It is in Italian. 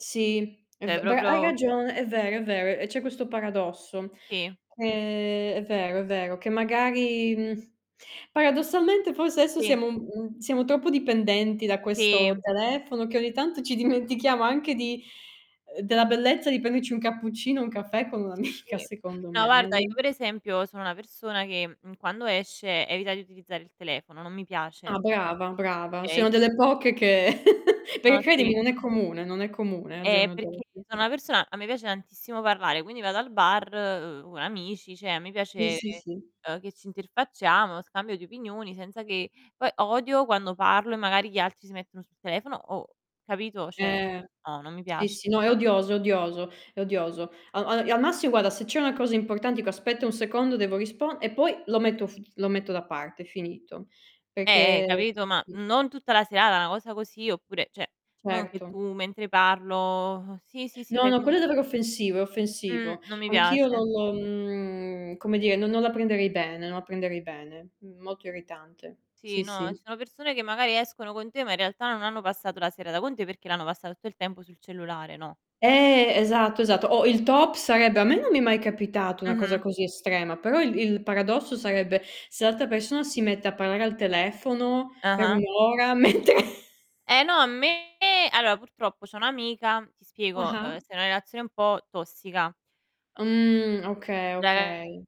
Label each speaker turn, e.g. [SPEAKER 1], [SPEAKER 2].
[SPEAKER 1] Sì, è
[SPEAKER 2] ceh
[SPEAKER 1] v bra hai
[SPEAKER 2] proprlo
[SPEAKER 1] ragione, è vero, è vero. E c'è questo paradosso.
[SPEAKER 2] Sì.
[SPEAKER 1] Ehm, è vero è vero, che magari, mhmm, paradossalmente forse adesso
[SPEAKER 2] Sì.
[SPEAKER 1] siamo mhmm, siamo troppo dipendenti da
[SPEAKER 2] Sì.
[SPEAKER 1] questo telefono, che ogni tanto ci dimentichiamo anche di ehm, della bellezza di prenderci un cappuccino, un caffè con un'
[SPEAKER 2] E
[SPEAKER 1] amica,
[SPEAKER 2] sì.
[SPEAKER 1] secondo
[SPEAKER 2] No,
[SPEAKER 1] me, eh,
[SPEAKER 2] guarda, io
[SPEAKER 1] no
[SPEAKER 2] per esempio sono una persona che, mhmm, quando esce evita di utilizzare il telefono, non mi piace.
[SPEAKER 1] Ah,
[SPEAKER 2] Cioè
[SPEAKER 1] brava, brava. Sei
[SPEAKER 2] okay,
[SPEAKER 1] una
[SPEAKER 2] cioè.
[SPEAKER 1] delle poche che perché
[SPEAKER 2] Ah,
[SPEAKER 1] credimi
[SPEAKER 2] sì.
[SPEAKER 1] non è comune, non è comune al
[SPEAKER 2] Ehm,
[SPEAKER 1] giorno
[SPEAKER 2] perché
[SPEAKER 1] d'oggi.
[SPEAKER 2] so' una persona a me piace tantissimo parlare, quindi vado al bar, uhm, amici, cioè mi
[SPEAKER 1] [unintelligible]
[SPEAKER 2] piace,
[SPEAKER 1] sì, sì.
[SPEAKER 2] uhm, che ci interfacciamo, scambio di opinioni senza che poi odio quando parlo e magari gli altri si mettono sul telefono oh, capito? Cioè,
[SPEAKER 1] Eh!
[SPEAKER 2] no, non mi
[SPEAKER 1] Sì,
[SPEAKER 2] piace.
[SPEAKER 1] sì, no è odioso, odioso. È odioso. A al e al massi guarda, se c'è una cosa importante dico: "Aspetta un secondo, devo rispon" e poi lo metto f lo metto da parte, finito.
[SPEAKER 2] Eh, eh,
[SPEAKER 1] Perché
[SPEAKER 2] capito, ma non tutta la serata, una cosa così, oppure cioè, non che
[SPEAKER 1] Certo.
[SPEAKER 2] tu mentre parlo: "Sì, sì, sì",
[SPEAKER 1] No,
[SPEAKER 2] fai
[SPEAKER 1] no,
[SPEAKER 2] finta
[SPEAKER 1] quello è davvero offensivo, è offensivo.
[SPEAKER 2] Mhmm, non mi
[SPEAKER 1] Anch'io
[SPEAKER 2] piace.
[SPEAKER 1] non, mhmm, come dire, non non la prenderei bene non la prenderei bene. Molto irritante.
[SPEAKER 2] Sì,
[SPEAKER 1] Sì,
[SPEAKER 2] no,
[SPEAKER 1] sì.
[SPEAKER 2] ci sono persone che magari escono con te, ma in realtà non hanno passato la serata con te, perché l'hanno passata tutto il tempo sul cellulare, no.
[SPEAKER 1] Eh! Esatto, esatto. O il top sarebbe a me non mi è mai capitato una cosa
[SPEAKER 2] Mh-mh.
[SPEAKER 1] così estrema, però il il paradosso sarebbe, se l'altra persona si mette a parlare al telefono per 1
[SPEAKER 2] Ah-ah.
[SPEAKER 1] ora mentre
[SPEAKER 2] Eh no, a me allora purtroppo c'ho un'amica ti spiego, uhm,
[SPEAKER 1] Ah-ah.
[SPEAKER 2] sta in una relazione un po' tossica.
[SPEAKER 1] Mhmm, okay,
[SPEAKER 2] De
[SPEAKER 1] okay.